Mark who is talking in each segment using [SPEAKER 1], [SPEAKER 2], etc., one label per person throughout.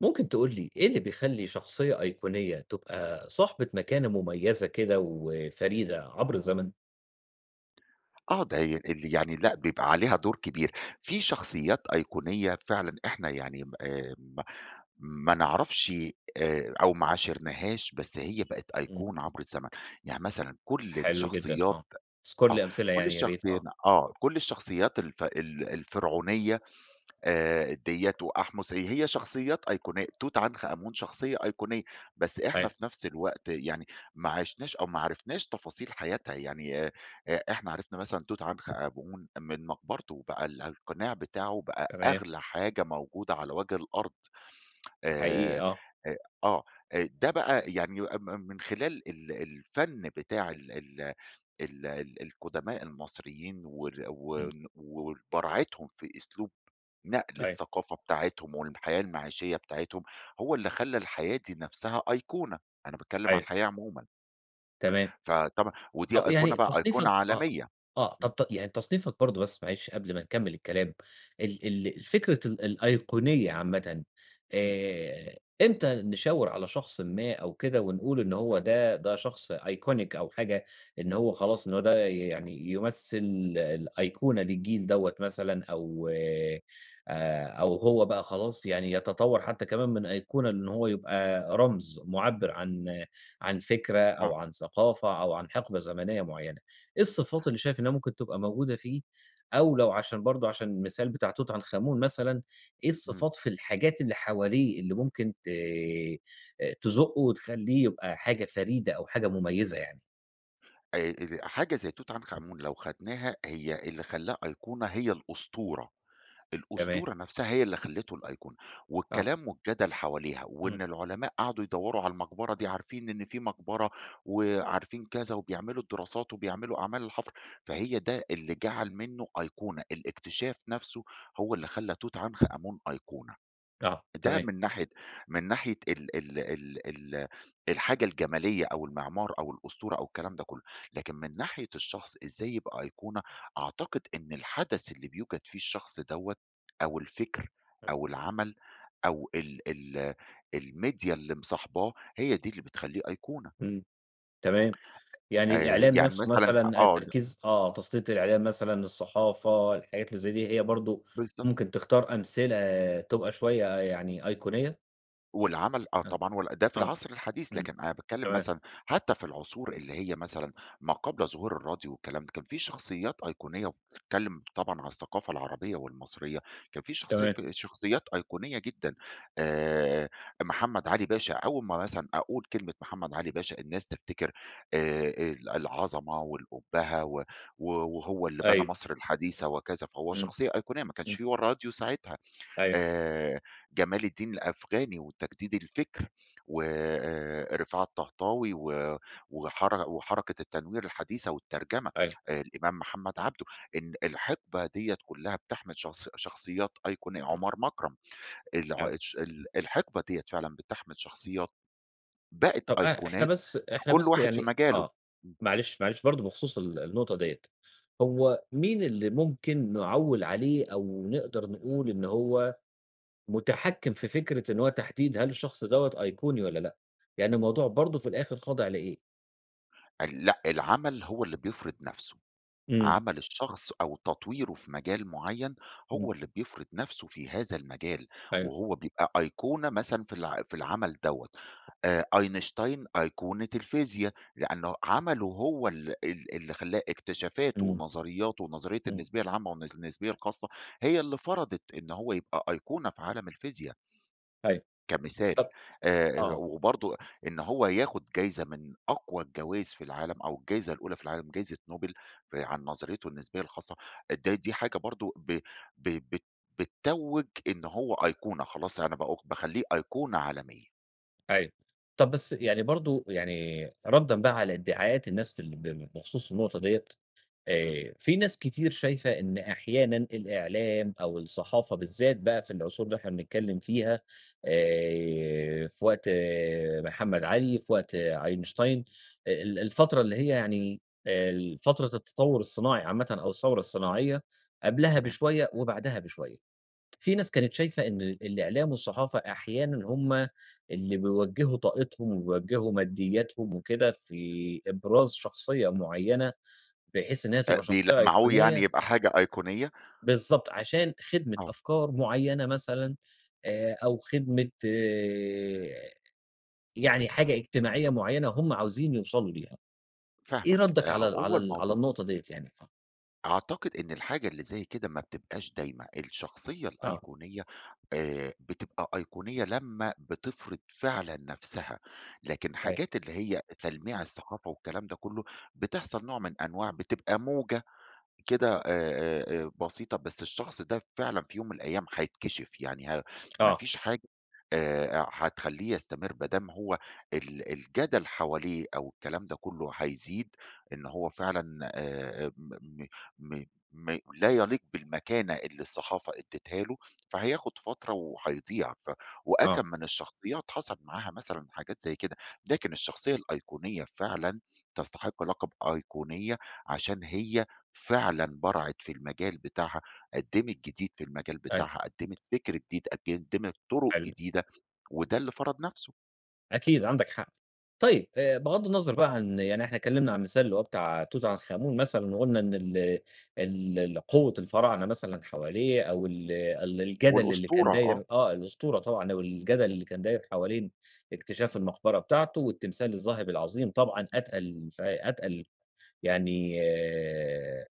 [SPEAKER 1] ممكن تقول لي ايه اللي بيخلي شخصية أيقونية تبقى صاحبة مكانة مميزة كده وفريدة عبر الزمن؟
[SPEAKER 2] آه ده ي اللي يعني لأ بيبقى عليها دور كبير في شخصيّات أيقونية فعلًا إحنا يعني آآ، ما ما نعرفش آآ، أو ما عاشرناهاش بس هي بقت
[SPEAKER 1] إمم.
[SPEAKER 2] أيقونة عبر الزمن، يعني مثلًا كل
[SPEAKER 1] حلو جدًا
[SPEAKER 2] الشخصيّات
[SPEAKER 1] آه، أذكر
[SPEAKER 2] آه،
[SPEAKER 1] لي أمثلة
[SPEAKER 2] كل
[SPEAKER 1] يعني يا ريت،
[SPEAKER 2] الشخصين
[SPEAKER 1] آه.
[SPEAKER 2] آه، كل الشخصيّات الف ال الفرعونية آآ دِيَّة وأحمس هي هي شخصيّات أيقونية توت عنخ آمون شخصيّة أيقونية، بس إحنا
[SPEAKER 1] [unintelligible]
[SPEAKER 2] في نفس الوقت يعني ماعِشناش أو ما عرفناش تفاصيل حياتها، يعني إ إحنا عرفنا مثلًا توت عنخ آمون من مقبرته بقى ال القناع بتاعه بقى
[SPEAKER 1] تمام.
[SPEAKER 2] أغلى حاجة موجودة على وجه الأرض.
[SPEAKER 1] حقيقي
[SPEAKER 2] آآ،
[SPEAKER 1] آه.
[SPEAKER 2] أ آه آآ ده بقى يعني م م من خلال ال الفن بتاع ال ال ال ال القدماء المصريين وال و
[SPEAKER 1] إمم.
[SPEAKER 2] وبراعتهم في أسلوب نقل
[SPEAKER 1] أيوه.
[SPEAKER 2] الثقافة بتاعتهم والحياة المعيشية بتاعتهم هو اللي خلى الحياة دي نفسها أيقونة، أنا باتكلّم علي
[SPEAKER 1] أيوه.
[SPEAKER 2] الحياة عمومًا.
[SPEAKER 1] تمام.
[SPEAKER 2] فطبعًا ودي
[SPEAKER 1] طب
[SPEAKER 2] أيقونة
[SPEAKER 1] يعني
[SPEAKER 2] بقى أيقونة
[SPEAKER 1] تصنيفك آه،
[SPEAKER 2] عالميّة،
[SPEAKER 1] آه،
[SPEAKER 2] امم.
[SPEAKER 1] طب ت يعني تصنيفك برضو بس معلش قبل ما نكمل الكلام ال ال الفكرة ال الأيقونية عامةً
[SPEAKER 2] امم.
[SPEAKER 1] آآ، امتى نشاور على شخصٍ ما أو كده ونقول إنّ هو ده ده شخص iconic أو حاجة إن هو خلاص إنّه هو ده يعني يمثل الأيقونة للجيل دَوَّة مثلًا أو آآ، أو هو بقى خلاص يعني يتطور حتّى كمان من أيقونة إن هو يبقى رمز معبر عن عن فكرة أو
[SPEAKER 2] آه.
[SPEAKER 1] عن ثقافة أو عن حقبة زمنيّة معيّنة. إيه الصفات اللي شايف إنّها ممكن تبقى موجودة فيه، أو لو عشان برضو عشان المثال بتاع توت عنخ أمون مثلًا، إيه
[SPEAKER 2] إمم.
[SPEAKER 1] الصفات في الحاجات اللي حواليه اللي ممكن ت تزُقه وتخليه يبقى حاجة فريدة أو حاجة مميّزة يعني؟
[SPEAKER 2] آآ، ال حاجة زي توت عنخ آمون لو خدناها هي اللي خلّاها أيقونة هي الأسطورة،
[SPEAKER 1] تمام.
[SPEAKER 2] الأسطورة نَفسها هي اللي خلّته الأيقونة،
[SPEAKER 1] آه.
[SPEAKER 2] والكلام والجدل حواليها،
[SPEAKER 1] إمم.
[SPEAKER 2] وإن العُلماء قعدوا يدوّروا على المقبرة دي عارفين إن في مقبرة، وعارفين كذا، وبيعملوا الدراسات وبيعملوا أعمال الحفر، فهي ده اللي جعل منّه أيقونة، الاكتشاف نَفسه هو اللي خلّى توت عنخ آمون أيقونة.
[SPEAKER 1] آه،
[SPEAKER 2] ده
[SPEAKER 1] تمام.
[SPEAKER 2] من ناحية من ناحية ال ال ال ال الحاجة الجمالية، أو المعمار، أو الأسطورة، أو الكلام ده كلّه، لكن من ناحية الشخص إزاي يبقى أيقونة، أعتقد إن الحدث اللي بيوجَد فيه الشخص دوَّة أو الفكر
[SPEAKER 1] امم.
[SPEAKER 2] أو العمل، أو ال ال الميديا اللي مصاحباه هي دي اللي بتخلّيه أيقونة.
[SPEAKER 1] إمم، تمام، يعني
[SPEAKER 2] آآ،
[SPEAKER 1] الإعلام
[SPEAKER 2] يعني
[SPEAKER 1] نَفسه
[SPEAKER 2] مثلًا أ
[SPEAKER 1] مثلًا، آآ
[SPEAKER 2] آه د
[SPEAKER 1] تركيز، آه تَسليط الإعلام مثلًا، الصحافة، الحاجات اللي زي دي هي برضه
[SPEAKER 2] بالضبط.
[SPEAKER 1] ممكن تختار أمثلة تبقى شوية يعني أيقونية؟
[SPEAKER 2] والعمل، آه
[SPEAKER 1] آه،
[SPEAKER 2] طبعًا، وال ده في
[SPEAKER 1] آه،
[SPEAKER 2] العصر الحديث،
[SPEAKER 1] إمم،
[SPEAKER 2] لكن أنا باتكلِّم
[SPEAKER 1] تمام.
[SPEAKER 2] مثلًا حتى في العصور اللي هي مثلًا ما قبل ظهور الراديو والكلام ده، كان في شخصيات أيقونية، وبتتكلِّم طبعًا عن الثقافة العربية، والمصرية كان في شخصية
[SPEAKER 1] تمام.
[SPEAKER 2] ك شخصيات أيقونية جدًا، آآ، محمد علي باشا، أول ما مثلًا أقول كلمة محمد علي باشا، الناس تفتكر آآ، ال العظمة والأُبَّهة، و و وهو اللي بنى
[SPEAKER 1] أيوه.
[SPEAKER 2] مصر الحديثة وكذا، فهو
[SPEAKER 1] إمم،
[SPEAKER 2] شخصية أيقونية ما كانش
[SPEAKER 1] إمم.
[SPEAKER 2] في و الراديو ساعتها،
[SPEAKER 1] أيوه.
[SPEAKER 2] آآ، جمال الدين الأفغاني، وتجديد الفكر و آآ، رفاعة الطهطاوي، و وحر وحركة التنوير الحديثة والترجمة،
[SPEAKER 1] أيوه.
[SPEAKER 2] الإمام محمد عبده، إن الحِقبة ديَّة كلّها بتَحمل شخص شخصيات أيقون
[SPEAKER 1] امم.
[SPEAKER 2] عُمَر مكرم، الع
[SPEAKER 1] أيوه.
[SPEAKER 2] الش ال الحِقبة ديَّة فعلًا بتَحمل شخصيات بقِت
[SPEAKER 1] طَب آآ، إحنا
[SPEAKER 2] أيقونات،
[SPEAKER 1] بس
[SPEAKER 2] في
[SPEAKER 1] إحنا
[SPEAKER 2] كُلّ
[SPEAKER 1] بس
[SPEAKER 2] واحد في
[SPEAKER 1] يعني
[SPEAKER 2] مجاله،
[SPEAKER 1] آه،
[SPEAKER 2] إمم.
[SPEAKER 1] معلش، معلش برضه بخصوص ال النقطة ديَّة، هو مين اللي ممكن نعوِّل عليه، أو نقدر نقول إن هو مُتحكِّم في فكرة إن هو تحديد هل الشخص دوَّة أيقوني والَّا لأ؟ يعني الموضوع برضه في الآخر خاضع لإيه؟
[SPEAKER 2] ال لأ العمل هو اللي بيفرض نفْسه،
[SPEAKER 1] إمم.
[SPEAKER 2] عمل الشخص أو تطويره في مجال معيّن،
[SPEAKER 1] إمم.
[SPEAKER 2] هو اللي بيفرض نفْسه في هذا المجال،
[SPEAKER 1] أيوه.
[SPEAKER 2] وهو بيبقى أيقونة مثلًا في الع في العمل دوّة، آآ آينشتاين أيقونة الفيزيا، لأنه عمله هو ال ال اللي خلّاه اكتشافاته
[SPEAKER 1] إمم.
[SPEAKER 2] ونظرياته ونظرية
[SPEAKER 1] إمم.
[SPEAKER 2] النسبية العامة والنس النسبية الخاصة، هي اللي فرضت إن هو يبقى أيقونة في عالم الفيزيا.
[SPEAKER 1] أيوه،
[SPEAKER 2] كمثال،
[SPEAKER 1] طب
[SPEAKER 2] آآ
[SPEAKER 1] آه.
[SPEAKER 2] وبرضو، إن هو ياخذ جايزة من أقوى الجوايز في العالم، أو الجايزة الأولى في العالم جايزة نوبل، في عن نظريته النسبية الخاصة ده دي حاجة برضه ب ب بت بتتوّج إن هو أيقونة، خلاص أنا بأو باخلّيه أيقونة عالمية.
[SPEAKER 1] أيوه، طب بس، يعني برضو يعني ردًا بقى على ادعاءات الناس في ال ب بخصوص النقطة ديّة،
[SPEAKER 2] إمم.
[SPEAKER 1] آآ في ناس كتير شايفة إن أحيانًا الإعلام أو الصحافة بالذات بقى في العصور اللي إحنا بنتكلّم فيها، آآ في وقت محمد علي، في وقت أينشتاين، ال الفترة اللي هي يعني ال فترة التطوّر الصناعي عامةً أو الثورة الصناعية، قبلها
[SPEAKER 2] تمام.
[SPEAKER 1] بشوية وبعدها بشوية، في ناس كانت شايفة إن ال الإعلام والصحافة أحيانًا هُم اللي بيوجّهوا طاقتهم ويوجّهوا مادياتهم وكده، في إبراز شخصية معيّنة، بحيث إن هي
[SPEAKER 2] آآ
[SPEAKER 1] تبقى شخصية
[SPEAKER 2] بيلمّعوه يعني،
[SPEAKER 1] أيقونية
[SPEAKER 2] يبقى حاجة أيقونية؟
[SPEAKER 1] بالضبط عشان خدمة
[SPEAKER 2] آه.
[SPEAKER 1] أفكار معيّنة مثلًا، آآ أو خدمة آآ، يعني حاجة اجتماعية معيّنة هُم عاوزين يوصلوا ليها، إيه
[SPEAKER 2] فاهمك
[SPEAKER 1] ردك
[SPEAKER 2] أ
[SPEAKER 1] على ال
[SPEAKER 2] هو
[SPEAKER 1] على ال على
[SPEAKER 2] الموضوع
[SPEAKER 1] النقطة ديّة يعني؟ اتف
[SPEAKER 2] أعتقد إن الحاجة اللي زَي كده ما بتبقاش دايمة. الشخصية
[SPEAKER 1] آه.
[SPEAKER 2] الأيقونية آآ، بتبقى أيقونية لما بتفرض فعلًا نفْسها، لكن حاجات اللي هي
[SPEAKER 1] [unintelligible]
[SPEAKER 2] تلميع الصحافة والكلام ده كله، بتحصل نوع من أنواع بتبقى موجة كده آآ، آآ، بسيطة بس الشخص ده فعلًا في يوم من الأيام هيتكشف يعني ما
[SPEAKER 1] آه.
[SPEAKER 2] فيش حاجة آآ، هتخليه يستمر ما دام هو ال الجدل حواليه أو الكلام ده كله هيزيد إن هو فعلًا آآ، م م م م لا يليق بالمكانة اللي الصحافة أدتها له، فهياخد فترة وهيضيع ف
[SPEAKER 1] آه.
[SPEAKER 2] وأكم من الشخصيات حصل معاها مثلًا حاجات زَي كده، لكن الشخصية الأيقونية فعلًا تستحق لقب أيقونية عشان هي فعلًا برعت في المجال بتاعها، قدّمت جديد في المجال
[SPEAKER 1] أيوه.
[SPEAKER 2] بتاعها، قدمت فكر جديد، قدمت طرق
[SPEAKER 1] حلو.
[SPEAKER 2] جديدة. وده اللي فرَض نفسْه.
[SPEAKER 1] أكيد عندك حق. طيب بغض النظر بقى عن يعني إحنا اتكلمنا عن مثال اللي هو بتاع توت عنخ آمون مثلًا وقلنا إن ال ال القوة الفراعنة مثلًا حواليه أو ال ال الجدل اللي كان
[SPEAKER 2] والأسطورة، آه.
[SPEAKER 1] داير آه، الأسطورة طبعًا أو الجدل اللي كان داير حوالين اكتشاف المقبرة بتاعته، والتمثال الذهبي العظيم طبعًا أتقل ف أتقل يعني آآ،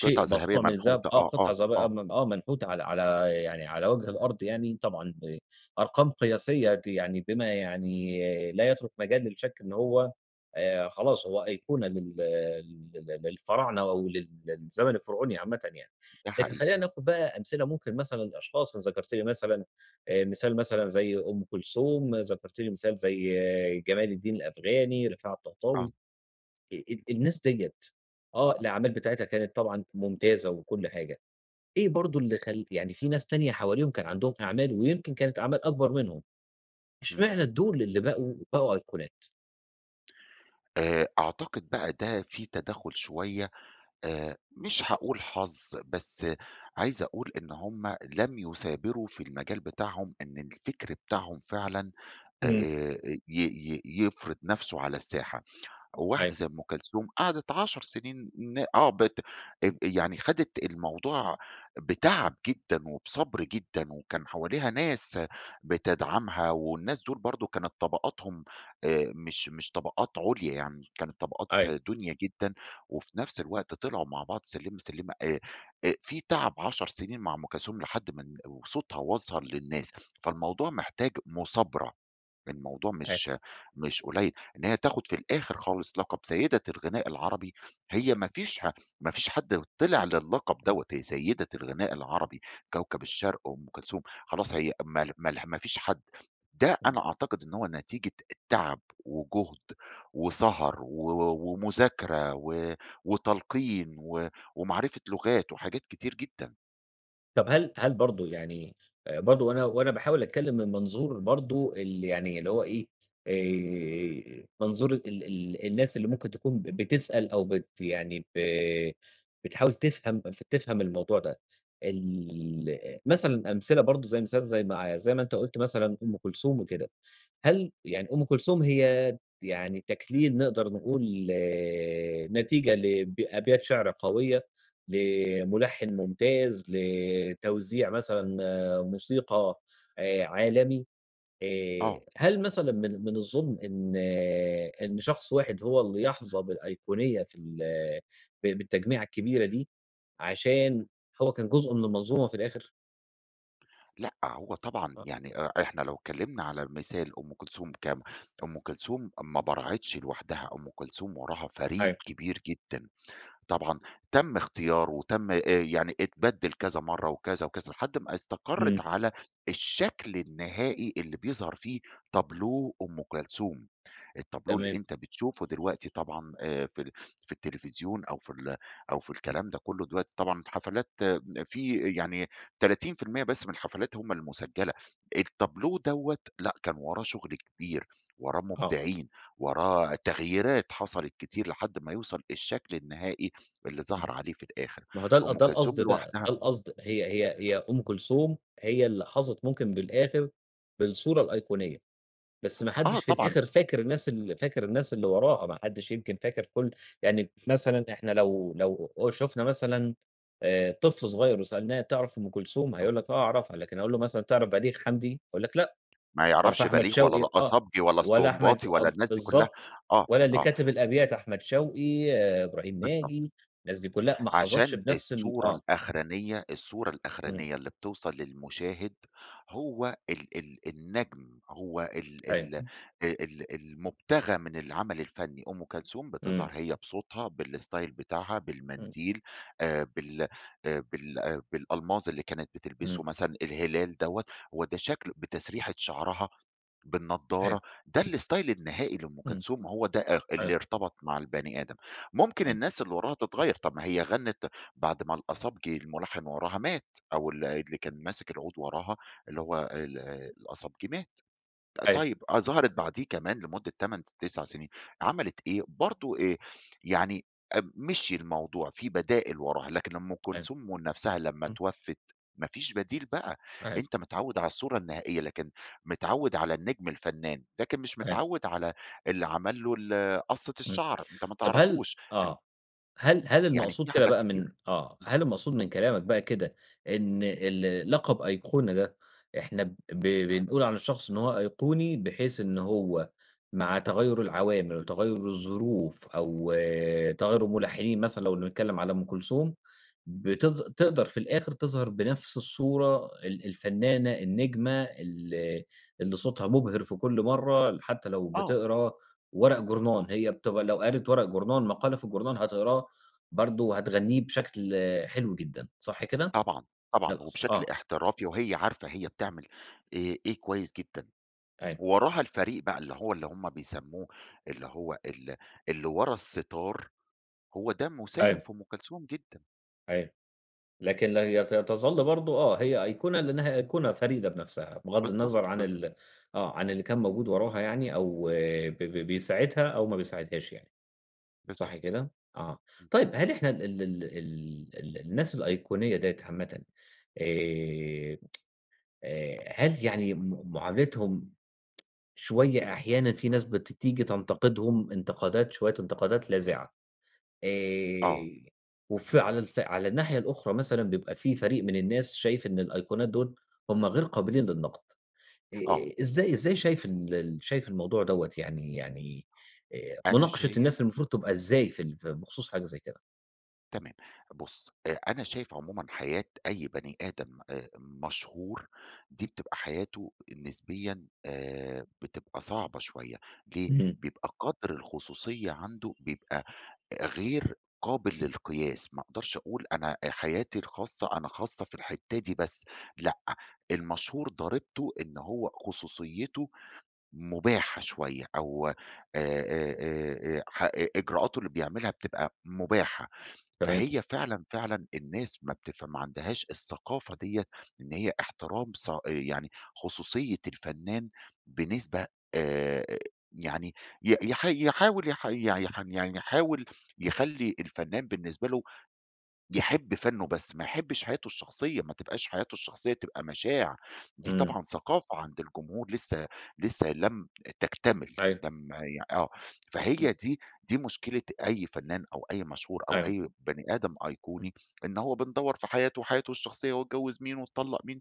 [SPEAKER 2] قطع ذهبية
[SPEAKER 1] مصنوع من الذهب
[SPEAKER 2] منحوتة،
[SPEAKER 1] آه،
[SPEAKER 2] آه،
[SPEAKER 1] قطع
[SPEAKER 2] آه،
[SPEAKER 1] زَي
[SPEAKER 2] آه.
[SPEAKER 1] [unintelligible] آه منحوت على على يعني على وجه الأرض يعني طبعًا آآ، أرقام قياسية دي يعني بما يعني لا يَترك مجال للشك إن هو آآ، خلاص هو أيقونة لل ل للفراعنة أو لل للزمن الفرعوني عامةً يعني.
[SPEAKER 2] ده
[SPEAKER 1] لكن
[SPEAKER 2] حقيقي.
[SPEAKER 1] خلينا ناخد بقى أمثلة ممكن مثلًا لأشخاص ذكرت لي مثلًا مثال مثلًا زَي أم كلثوم، ذكرت لي مثال زَي جمال الدين الأفغاني، رفاعة
[SPEAKER 2] آه.
[SPEAKER 1] الطهطاوي ال ال الناس ديّة آه، الأعمال بتاعتها كانت طبعًا ممتازة وكل حاجة، إيه برضو اللي خل يعني في ناس تانية حواليهم كان عندهم أعمال ويمكن كانت أعمال أكبر منهم
[SPEAKER 2] إمم.
[SPEAKER 1] إشمعنى دول اللي بقوا بقوا أيقونات؟
[SPEAKER 2] آآ، أعتقد بقى ده في تدَخّل شوية آآ، مش هاقول حظ بس عايز أقول إن هم لم يثابروا في المجال بتاعهم، إن الفكر بتاعهم فعلًا
[SPEAKER 1] إمم.
[SPEAKER 2] آآ، ي ي يفرِض نَفْسه على الساحة، وواحدة
[SPEAKER 1] أيوه.
[SPEAKER 2] زي أم كلثوم قعدِت 10 سنين ن آه بت آآ، يعني خدِت الموضوع بِتَعَب جدًا، وبِصَبر جدًا، وكان حواليها ناس بتدعمها والناس دول برضه كانت طبقاتهم آآ، مش مش طبقات عُليَا يعني كانت طبقات
[SPEAKER 1] أيوه.
[SPEAKER 2] دُنيَا جدًا، وفي نَفْس الوقت طلْعوا مع بعض سِلّمَة، سِلّمَة آآ آآ، في تَعْب 10 سنين مع أم كلثوم لحد مالن وصوتها وَصَل للناس، فالموضوع محتاج مثابرة، الموضوع
[SPEAKER 1] أيوه.
[SPEAKER 2] مش مش قليل، إن هي تاخد في الآخر خالص لقب سيدة الغناء العربي، هي ما
[SPEAKER 1] [unintelligible]
[SPEAKER 2] فيش ها ما فيش حَدّ طلع للقب دوَّة، هي سيدة الغناء العربي كوكب الشرق أم كلثوم خلاص، هي ما مال ما فيش حَدّ، ده
[SPEAKER 1] امم.
[SPEAKER 2] أنا أعتقد إن هو نتيجة التَعَب وجُهد وسهر، و ومذاكرة و وتلْقين، و ومعرفة لغات وحاجات كتير جدًا.
[SPEAKER 1] طب هل هل برضو يعني آآ، برضو وأنا وأنا باحاول أتكلّم من منظور برضو ال يعني اللي هو إيه آآ، منظور ال ال الناس اللي ممكن تكون ب بتسأل أو بت يعني ب بتحاول تفهم تفهم الموضوع ده، ال مثلًا أمثلة برضو زي مثال ما زي مع زي ما أنت قلت مثلًا أم كلثوم وكده. هل يعني أم كلثوم هي يعني تكليل نقدر نقول نتيجة ل أبيات شعر قويّة، لملحن ممتاز، لتوزيع مثلًا موسيقى آآ، عالمي آآ،
[SPEAKER 2] آه.
[SPEAKER 1] هل مثلًا من من الظلم إن إن شخص واحد هو اللي يحظى بالأيقونية في ال ب بالتجميعة الكبيرة دي عشان هو كان جزء من المنظومة في الآخر؟
[SPEAKER 2] لأ هو طبعًا
[SPEAKER 1] آه.
[SPEAKER 2] يعني أ إحنا لو اتكلمنا على مثال أم كلثوم ك أم كلثوم ما برعتش لوحدها، أم كلثوم وراها فريق
[SPEAKER 1] أيوه.
[SPEAKER 2] كبير جدًا. طبعًا تم اختياره وتم يعني اتبدل كذا مرّة وكذا وكذا، لحد ما استقرت
[SPEAKER 1] امم.
[SPEAKER 2] على الشكل النهائي اللي بيظهر فيه تابلو أم كلثوم. التابلو اللي
[SPEAKER 1] تمام.
[SPEAKER 2] أنت بتشوفه دلوقتي طبعًا آآ، في ال في التليفزيون أو في ال أو في الكلام ده كلّه دلوقتي طبعًا الحفلات في يعني 30% بس من الحفلات همّ المسجلة. التابلو دَوَّة لا كان وراه شغل كبير، وراه
[SPEAKER 1] آه.
[SPEAKER 2] مبدعين، وراه تغييرات حصلت كتير لحد ما يوصل الشكل النهائي اللي
[SPEAKER 1] إمم.
[SPEAKER 2] ظهر عليه في الآخر.
[SPEAKER 1] ما هو ده
[SPEAKER 2] أم
[SPEAKER 1] ده
[SPEAKER 2] كلثوم
[SPEAKER 1] القصد بقى،
[SPEAKER 2] لوحدها
[SPEAKER 1] ده القصد، هي هي هي أم كلثوم هي اللي حظت ممكن بالآخر بالصورة الأيقونية. بس ما
[SPEAKER 2] آه
[SPEAKER 1] حدش في
[SPEAKER 2] طبعًا.
[SPEAKER 1] الآخر فاكر الناس ال فاكر الناس اللي وراها، ما حدش يمكن فاكر كل يعني مثلًا إحنا لو لو شفنا مثلًا آآ، طفل صغيّر وسألناه تعرف أم كلثوم؟
[SPEAKER 2] آه.
[SPEAKER 1] هيقول لك آه أعرفها، لكن أقول له مثلًا تعرف بليغ حمدي؟ هيقول لك لأ.
[SPEAKER 2] ما
[SPEAKER 1] تعرف
[SPEAKER 2] يعرفش
[SPEAKER 1] أحمد
[SPEAKER 2] بليغ ولا
[SPEAKER 1] شوقي؟ آه
[SPEAKER 2] القصبجي ولا
[SPEAKER 1] ولا أحمد
[SPEAKER 2] السنباطي
[SPEAKER 1] أ
[SPEAKER 2] ولا الناس دي كلّها،
[SPEAKER 1] بالضبط
[SPEAKER 2] آه،
[SPEAKER 1] ولا اللي
[SPEAKER 2] آه.
[SPEAKER 1] كاتب الأبيات أحمد شوقي، إبراهيم
[SPEAKER 2] بالضبط.
[SPEAKER 1] ناجي، الناس دي كلها ما حظتش
[SPEAKER 2] عشان
[SPEAKER 1] بنفس ال
[SPEAKER 2] الصورة
[SPEAKER 1] آه
[SPEAKER 2] الأخرانية الصورة
[SPEAKER 1] امم.
[SPEAKER 2] الأخرانية اللي بتوصل للمشاهد هو ال ال النجم هو ال
[SPEAKER 1] أيوه.
[SPEAKER 2] ال ال المبتغى من العمل الفني. أم كلثوم
[SPEAKER 1] امم.
[SPEAKER 2] بتظهر هي بصوتها بالستايل بتاعها
[SPEAKER 1] امم.
[SPEAKER 2] بالمنديل آآ بال آآ بال بالألماظ اللي كانت بتلبسه
[SPEAKER 1] امم.
[SPEAKER 2] مثلًا. الهلال دَوَّة وده شكل بتسريحة شعرها،
[SPEAKER 1] أيوه.
[SPEAKER 2] بالنضارة. ده الإستايل النهائي لأم
[SPEAKER 1] امم.
[SPEAKER 2] كلثوم. هو ده ال
[SPEAKER 1] ايوه.
[SPEAKER 2] اللي ارتبط مع البني آدم. ممكن
[SPEAKER 1] أيوه.
[SPEAKER 2] الناس اللي وراها تتغيّر، طب ما هي غنت بعد ما القصبجي الملحن وراها مات أو اللي اللي كان ماسك العود وراها اللي هو ال القصبجي مات. ط
[SPEAKER 1] أيوه.
[SPEAKER 2] طيّب آه ظهرت بعديه كمان لمدة 8، 9 سنين عملت إيه؟ برضو آآ يعني اب مشي الموضوع في بدائل وراها، لكن لمّا أم
[SPEAKER 1] أيوه.
[SPEAKER 2] كلثوم من نفسها لمّا
[SPEAKER 1] اهم.
[SPEAKER 2] اتوفت ما فيش بديل بقى،
[SPEAKER 1] أيوه.
[SPEAKER 2] أنت متعوّد على الصورة النهائية، لكن متعوّد على النجم الفنّان، لكن مش
[SPEAKER 1] أيوه.
[SPEAKER 2] متعوّد على اللي عمل له ال قصّة
[SPEAKER 1] امم.
[SPEAKER 2] الشعر أنت ما
[SPEAKER 1] طب هل
[SPEAKER 2] تعرفهوش.
[SPEAKER 1] آه، هل هل
[SPEAKER 2] يعني
[SPEAKER 1] المقصود
[SPEAKER 2] في
[SPEAKER 1] كده
[SPEAKER 2] حاجات
[SPEAKER 1] بقى من
[SPEAKER 2] كتير.
[SPEAKER 1] آه، هل المقصود من كلامك بقى كده إن ال لقب أيقونة ده إحنا ب بنقول عن الشخص إن هو أيقوني، بحيث إن هو مع تغيّر العوامل وتغيّر الظروف أو تغيّر الملحنين مثلًا لو بنتكلّم على أم كلثوم
[SPEAKER 2] امم.
[SPEAKER 1] بتظ تقدر في الآخر تظهر بنفس الصورة ال الفنّانة النجمة ال اللي صوتها مبهر في كل مرّة حتّى لو
[SPEAKER 2] آه.
[SPEAKER 1] بتقرأ ورق جورنان، هي بت لو قرأت ورق جورنان، مقالة في الجورنان هتقرأه برضو هتغنيه بشكل حلو جدًا صح كده؟
[SPEAKER 2] طبعًا،
[SPEAKER 1] دة
[SPEAKER 2] طبعًا،
[SPEAKER 1] القصد،
[SPEAKER 2] وبشكل
[SPEAKER 1] آه.
[SPEAKER 2] احترافي وهي عارفة هي بتعمل إي إيه كويّس جدًا.
[SPEAKER 1] أيوه.
[SPEAKER 2] ووراها الفريق بقى اللي هو اللي همّ بيسموه اللي هو ال اللي ورا الستار هو ده مساهم
[SPEAKER 1] أيوه.
[SPEAKER 2] في أم كلثوم جدًا.
[SPEAKER 1] أيوه، لكن لا ي تظل برضه آه، هي أيقونة لأنها أيقونة فريدة بنفسها بغض
[SPEAKER 2] بالضبط،
[SPEAKER 1] النظر عن
[SPEAKER 2] بالضبط.
[SPEAKER 1] ال آه، عن اللي كان موجود وراها يعني أو ب ب بيساعدها أو ما بيساعدهاش يعني صح
[SPEAKER 2] بالضبط،
[SPEAKER 1] كده؟ آه
[SPEAKER 2] امم.
[SPEAKER 1] طيب هل إحنا ال ال ال ال ال الناس الأيقونية ديّة عامةً آآ، آآ هل يعني م معاملتهم شوية أحيانًا في ناس بتيجي تنتقدهم انتقادات شوية انتقادات لاذعة
[SPEAKER 2] آه.
[SPEAKER 1] آآ، وف على الف على الناحية الأخرى مثلًا بيبقى في فريق من الناس شايف إن الأيقونات دول هم غير
[SPEAKER 2] امم.
[SPEAKER 1] قابلين للنقد.
[SPEAKER 2] آه.
[SPEAKER 1] إ إزاي إزاي شايف إن ال شايف الموضوع دوّة يعني يعني آآ
[SPEAKER 2] أنا
[SPEAKER 1] مناقشة
[SPEAKER 2] شايف
[SPEAKER 1] الناس المفروض تبقى إزاي في ال في بخصوص حاجة زي كده؟
[SPEAKER 2] تمام بُص، أ أنا شايف عمومًا حياة أي بني آدم آآ مشهور دي بتبقى حياته نسبيًا آآ، بتبقى صعبة شوية ليه؟
[SPEAKER 1] اهم.
[SPEAKER 2] بيبقى قدر الخصوصية عنده بيبقى غير قابل للقياس. ما أقدرش أقول أنا آآ حياتي الخاصة أنا خاصة في الحتة دي بس لأ المشهور ضريبته إن هو خصوصيته مباحة شوية أو آآ آآ آآ آآ ح إ إ إجراءاته اللي بيعملها بتبقى مباحة
[SPEAKER 1] تمام.
[SPEAKER 2] فهي فعلًا فعلًا الناس ما بتفهم ما عندهاش الثقافة ديّة إن هي احترام صا آآ يعني خصوصية الفنان بنسبة آآ، يعني ي يح يحاول يح ي يعني يحاول يخلي الفنان بالنسبة له يحب فنُّه بس ما يحبش حياته الشخصية، ما تبقاش حياته الشخصية تبقى مشاع. دي
[SPEAKER 1] إمم.
[SPEAKER 2] طبعًا ثقافة عند الجمهور لسه لسه لم تكتمل،
[SPEAKER 1] أيوه.
[SPEAKER 2] لما ي آه، فهي
[SPEAKER 1] إمم.
[SPEAKER 2] دي دي مشكلة أي فنان أو أي مشهور أو
[SPEAKER 1] أيوه.
[SPEAKER 2] أي بني آدم
[SPEAKER 1] اهم.
[SPEAKER 2] أيقوني إن هو بندوَّر في حياته، وحياته الشخصية، واتجوز مين وطلق مين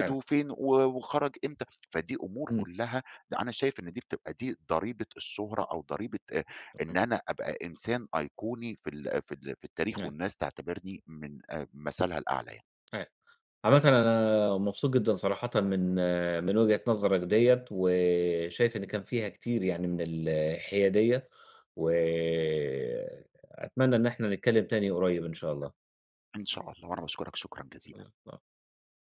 [SPEAKER 1] أيوه.
[SPEAKER 2] فين و وخرج إمتى، فدي أمور
[SPEAKER 1] إمم.
[SPEAKER 2] كلها لأ أنا شايف إن دي بتبقى دي ضريبة الشهرة أو ضريبة آآ إن
[SPEAKER 1] [unintelligible]
[SPEAKER 2] أنا أبقى إنسان أيقوني في ال في ال في التاريخ
[SPEAKER 1] [unintelligible]
[SPEAKER 2] والناس تعتبرني من آآ مثلها الأعلى يع
[SPEAKER 1] [unintelligible] عامةً أنا مبسوط جدًا صراحةً من من وجهة نظرك ديّة، وشايف إن كان فيها كتير يعني من الحيادية، وأتمنى إن إحنا نتكلم تاني قريب إن شاء الله.
[SPEAKER 2] إن شاء الله، وأنا باشكرك شكرًا جزيلًا.
[SPEAKER 1] [unintelligible]